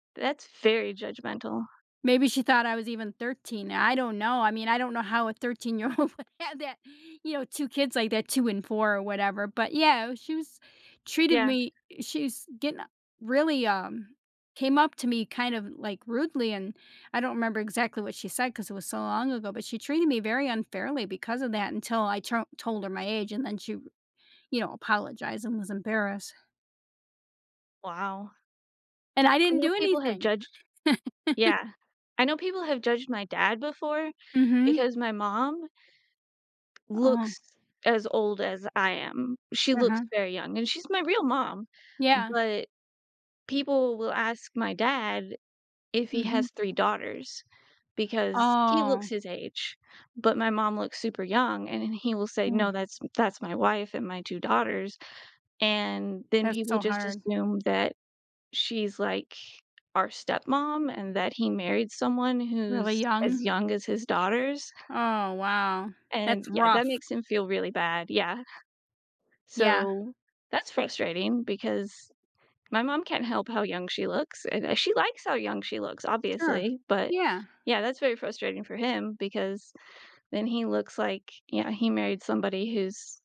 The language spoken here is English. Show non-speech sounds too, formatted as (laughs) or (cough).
That's very judgmental. Maybe she thought I was even 13. I don't know. I mean, I don't know how a thirteen-year old would have that, you know, 2 kids like that, 2 and 4 or whatever, but, yeah, she was treated Yeah. me i she's gonna really, um, came up to me, kind of, like, rudely, and I don't remember exactly what she said 'cause it was so long ago, but she treated me very unfairly because of that until I t told her my age, and then she, you know, apologized and was embarrassed. Wow. And I I didn't know do people have anything. judged (laughs) yeah, I know people have judged my dad before Mhm. because my mom Oh. looks as old as I am. She looks Uh-huh. very young, and she's my real mom, Yeah. but people will ask my dad if he Mhm. has 3 daughters because he looks Oh. his age, but my mom looks super young and then he will say, "No, Mm. that's that's my wife and my 2 daughters." and then That's people, so just, hard. assume that she's, like, our stepmom and that he married someone who's Really as young. young as his daughters Oh, wow, and that's yeah, that rough. makes him feel really bad, yeah. Yeah. So, that's frustrating because my mom can't help how young she looks, and, eh, she likes how young she looks, Sure. obviously, but Yeah. yeah, that's very frustrating for him because then he looks, like yeah, he married somebody who's